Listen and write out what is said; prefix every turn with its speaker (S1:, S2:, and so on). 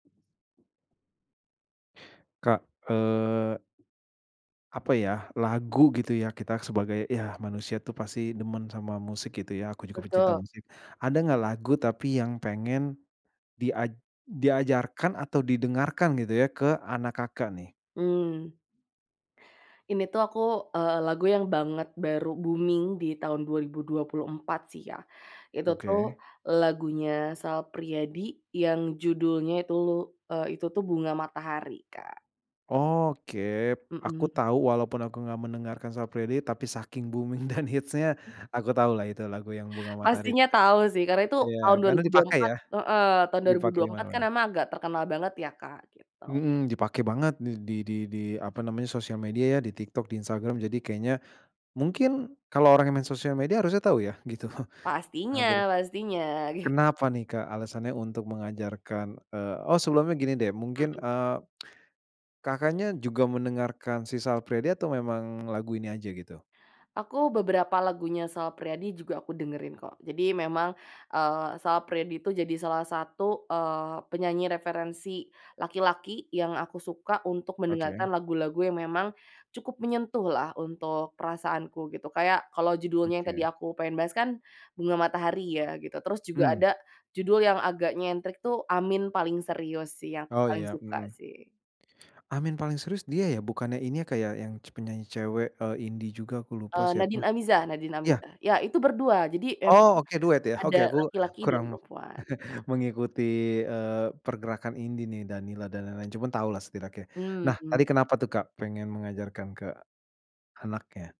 S1: Kak, eee apa ya, lagu gitu ya kita sebagai yah, manusia itu pasti demen sama musik, gitu ya. Aku juga pecinta
S2: Betul.
S1: musik. Ada nggak lagu, tapi yang pengen diaj diajarkan atau didengarkan gitu ya, ke anak Kakak, nih?
S2: Mmm. Ini tuh aku, eee, lagu yang banget baru booming di tahun 2024, sih, ya. Itu tuh
S1: Oke.
S2: lagunya Sal Priadi yang judulnya tuh, itu tuh Bunga Matahari, Kak.
S1: Oke, aku
S2: Mhm.
S1: tahu, walaupun aku nggak mendengarkan Sal Priadi, tapi saking booming dan hits-nya aku tahu lah itu lagu yang Bunga Matahari t
S2: Pastinya tahu, sih, karena itu
S1: iya
S2: tahun dua
S1: karena
S2: ribu dua puluh
S1: dipakai
S2: empat
S1: ya?
S2: heeh. Tahun dua ribu dua
S1: Dipake di
S2: puluh empat kan
S1: mana-mana.
S2: emang agak terkenal banget, ya, Kak? Gitu.
S1: Mhm, dipake banget di di di apa namanya, sosial media, ya. Di TikTok, di Instagram. Jadi kayaknya mungkin kalau orang yang main sosial media harusnya tahu, ya, gitu. Ah, bere
S2: Pastinya pastinya.
S1: kenapa nih, Kak, alasannya untuk mengajarkan, eee oh, sebelumnya gini deh, mungkin,
S2: Mhm.
S1: eee, Kakaknya juga mendengarkan si Sal Priadi atau memang lagu ini aja, gitu?
S2: Aku beberapa lagunya Sal Priadi juga aku dengerin, kok. Jadi memang, eee, Sal Priadi itu jadi salah satu, eee, penyanyi referensi laki-laki yang aku suka untuk
S1: Oke.
S2: mendengarkan lagu-lagu yang memang cukup menyentuhlah untuk perasaanku, gitu. Kayak kalau judulnya yang tadi
S1: Oke.
S2: aku pengen bahas kan Bunga Matahari, ya, gitu. Terus juga
S1: Mhm.
S2: ada judul yang agak nyentrik tuh Amin Paling Serius, sih. Yang
S1: Oh
S2: paling
S1: ya,
S2: suka,
S1: mmm.
S2: sih.
S1: Amin Paling Serius dia, ya? Bukannya ini, Kak, ya yang penyanyi cewek, eee, indie juga, aku lupa
S2: Eee,
S1: siapa
S2: Nadin Amizah Nadin
S1: iya.
S2: Amizah. Ya, itu berdua. Jadi, emang,
S1: Oh, oke, duet, ya?
S2: ada
S1: Oke, aku
S2: laki-laki dan
S1: kurang
S2: perempuan.
S1: mengikuti, eee, pergerakan indie nih, Danila dan lain-lain, cuman tahu lah setidaknya nah,
S2: Mmm.
S1: tadi kenapa tuh, Kak, pengen mengajarkan ke anaknya?